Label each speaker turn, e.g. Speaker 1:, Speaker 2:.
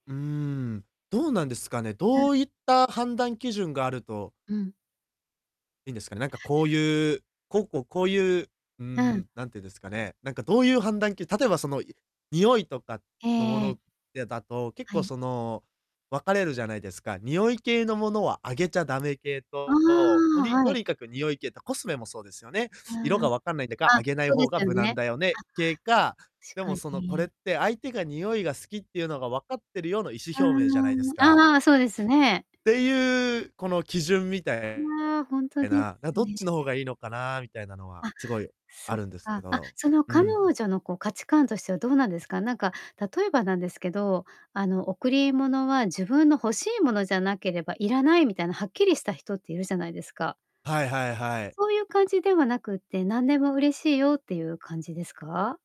Speaker 1: うーん。どうなんですかね？
Speaker 2: うん。
Speaker 1: どういった判断基準があると
Speaker 2: うん。
Speaker 1: いんですかね？なんかこういうこうこうこういう、うー
Speaker 2: うん。
Speaker 1: ん、なんていうんですかね。なんかどういう判断き例えばそのい匂いとかのも
Speaker 2: ええ。
Speaker 1: のでだと、結
Speaker 2: は
Speaker 1: 構
Speaker 2: い。
Speaker 1: その、分かれるじゃないですか。匂い系のものはあげちゃダメ系
Speaker 2: あ
Speaker 1: と、と
Speaker 2: あ、
Speaker 1: に
Speaker 2: は
Speaker 1: と
Speaker 2: い。
Speaker 1: にかく匂い系と、コスメもそうですよね。
Speaker 2: あ
Speaker 1: 色が分かんないんだか、
Speaker 2: あ。
Speaker 1: あ
Speaker 2: あ、
Speaker 1: げない
Speaker 2: そうで
Speaker 1: 方が
Speaker 2: すよ
Speaker 1: 無難
Speaker 2: ね。
Speaker 1: だよね系か、
Speaker 2: あし
Speaker 1: で
Speaker 2: か
Speaker 1: もそのこれっ
Speaker 2: に。
Speaker 1: て「相手が匂いが好きっていうのが分かってるよ」の意思表明じゃないで
Speaker 2: うーん、
Speaker 1: すか。
Speaker 2: ああ、そうですね。
Speaker 1: ていうこの基準みた
Speaker 2: う
Speaker 1: え
Speaker 2: ああ、ほんと
Speaker 1: え
Speaker 2: で
Speaker 1: な、な、
Speaker 2: す
Speaker 1: どっ
Speaker 2: ね。
Speaker 1: ちの方がいいのかなみたいなのは、
Speaker 2: あ、
Speaker 1: すごいあ
Speaker 2: そっ
Speaker 1: るんですけ
Speaker 2: か。あ、
Speaker 1: ど、
Speaker 2: その
Speaker 1: う
Speaker 2: 彼
Speaker 1: ん。
Speaker 2: 女のこう価値観としてはどうなんですか？なんか、例えばなんですけど、あの、贈り物は自分の欲しいものじゃなければいらない、みたいなはっきりした人っているじゃないですか？
Speaker 1: はいはいはい。
Speaker 2: そういう感じではなくって、何でも嬉しいよっていう感じですか？